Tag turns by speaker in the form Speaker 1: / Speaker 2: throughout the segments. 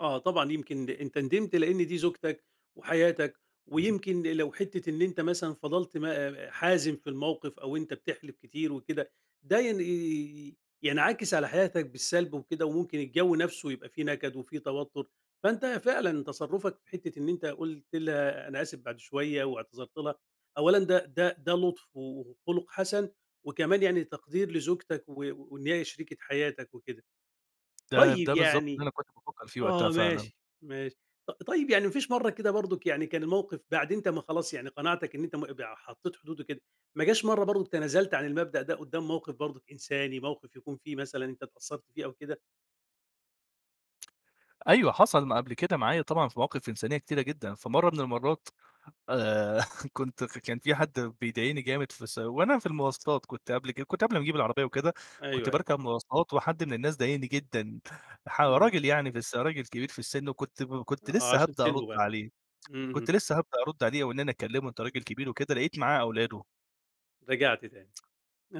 Speaker 1: آه، طبعًا. يمكن أنت ندمت لإن دي زوجتك وحياتك ويمكن لو حتّة إن أنت مثلًا فَضَلت م حازم في الموقف أو أنت بتحلِف كتير وكده، ده ين ي ي ينعكس على حياتك بالسَلب وكده وممكن الجَو نفسه يبقى فيه نَكَد وفيه توتُّر. فأنت فعلًا تصرُّفك في حتّة إن أنت قُلت لها أنا آسف بعد شوية واعتذرت لها، أولًا ده ده ده لُطف و وخُلُق حَسَن وكمان يعني تقدير لزوجتك و وإن هي شريكة حياتك وكده.
Speaker 2: ده ده
Speaker 1: طيب
Speaker 2: بالضبط اللي
Speaker 1: يعني
Speaker 2: أنا كنت بافكّر فيه وقتها
Speaker 1: آه،
Speaker 2: فعلًا.
Speaker 1: ماشي، ماشي. ط طيب يعني ما فيش مرّة كده برضه يعني كان الموقف بعد أنت ما خلاص، يعني قناعتك إن أنت م بع حطّيت حدود وكده، ما جاش مرّة برضه تنازلت عن المبدأ ده قُدّام موقف برضه إنساني، موقف يكون فيه مثلًا أنت اتأثّرت فيه أو كده؟
Speaker 2: أيوه حصل ما قبل كده معايا طبعًا في مواقف إنسانية كتيرة جدًا. فمرّة من المرّات آآ، كنت كان في حد بيضايقني جامد في س وأنا في المواصلات، كنت قبل كده كنت قبل ما أجيب العربية وكده، كنت
Speaker 1: أيوه، أيوه.
Speaker 2: باركب مواصلات وحد من الناس ضايقني جدًا. ح
Speaker 1: إمم.
Speaker 2: راجل يعني بس راجل كبير في السِن وكنت كنت
Speaker 1: آه.
Speaker 2: لسّه
Speaker 1: عشان
Speaker 2: هابدأ أرُد
Speaker 1: سنه بقى.
Speaker 2: عليه، كنت
Speaker 1: إمم.
Speaker 2: لسّه هابدأ أرُد عليه وإن أنا أكلّمه أنت راجل كبير وكده لقيت معاه أولاده.
Speaker 1: رجعت تاني.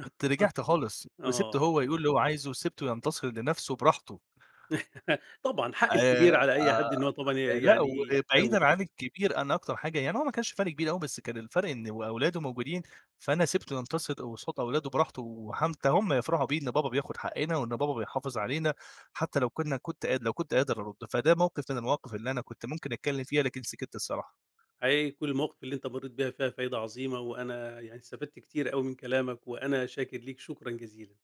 Speaker 2: كنت رِجِعت خالص وسِبته
Speaker 1: آه.
Speaker 2: هو يقول اللي هو عايزه وسِبته ينتصر لنفسه براحته.
Speaker 1: طبعًا، حق
Speaker 2: آآ آه،
Speaker 1: الكبير على أي حد إن هو طبعًا
Speaker 2: آآ،
Speaker 1: ي
Speaker 2: لأ،
Speaker 1: يعني يحترمه.
Speaker 2: وبعيدًا عن الكبير، أنا أكتر حاجة يعني هو ما كانش فَرْق كبير أوي بس كان الفَرْق إنه و أولاده موجودين فأنا سِبته ينتصر قصاد أولاده براحته وحتّى هم يفرحوا بيه إن بابا بياخُد حقّنا وإن بابا بيحافظ علينا حتّى لو كُنّا كنت قادر لو كنت قادر أرُد. فده موقف من المواقف اللي أنا كنت ممكن أتكلّم فيها، لكن سِكِت الصراحة.
Speaker 1: حقيقي كل المواقف اللي أنت مرّيت بيها فيها فايدة عظيمة وأنا يعني استفدت كتير أوي من كلامك، وأنا شاكر ليك شكرًا جزيلًا.